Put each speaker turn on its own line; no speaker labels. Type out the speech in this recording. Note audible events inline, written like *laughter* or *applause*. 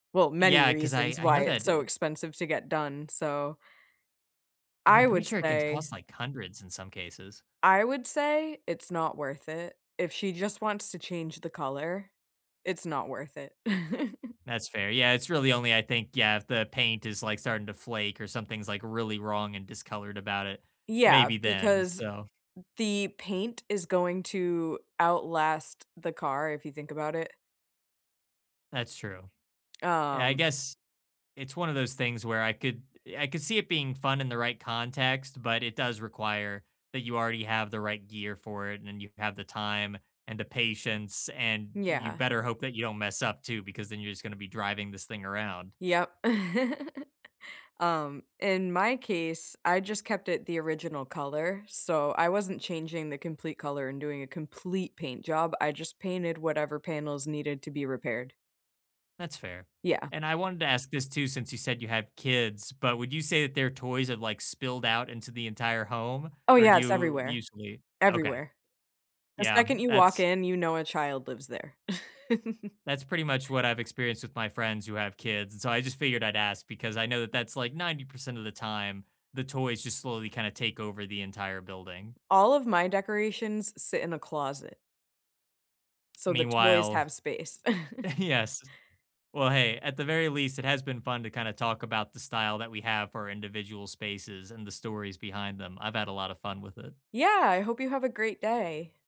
Well many
Yeah, 'cause I
reasons
I
why
know that
it's so
they
expensive to get done, so
Yeah,
I
I'm pretty
would
sure it can
say
cost like hundreds in some cases.
I would say it's not worth it. If she just wants to change the color, it's not worth it. *chuckles*
That's fair. Yeah, it's really only, I think, yeah, if the paint is, like, starting to flake or something's, like, really wrong and discolored about it.
Yeah,
Maybe then,
because
so
the paint is going to outlast the car if you think about it.
That's true, and I
Um
guess it's one of those things where I could I could see it being fun in the right context, but it does require that you already have the right gear for it and you have the time and the patience and you
Yeah.
better hope that you don't mess up too because then you're just gonna be driving this thing around.
Yep. *chuckles* Um, in my case, I just kept it the original color. So I wasn't changing the complete color and doing a complete paint job. I just painted whatever panels needed to be repaired.
That's fair.
Yeah.
And I wanted to ask this too since you said you have kids, but would you say that their toys have, like, spilled out into the entire home?
Oh,
Or do
yeah, it's
you
everywhere.
usually Okay.
Everywhere. The
Yeah,
second you walk
that's
in, you know a child lives there. *chuckles*
That's pretty much what I've experienced with my friends who have kids, so I just figured I'd ask because I know that that's like 90% of the time, the toys just slowly kind of take over the entire building.
All of my decorations sit in the closet. So the toys
Meanwhile
have space. *chuckles*
Yes, well, hey, at the very least, it has been fun to kinda talk about the style that we have for individual spaces and the stories behind them. I've had a lot of fun with it.
Yeah, I hope you have a great day.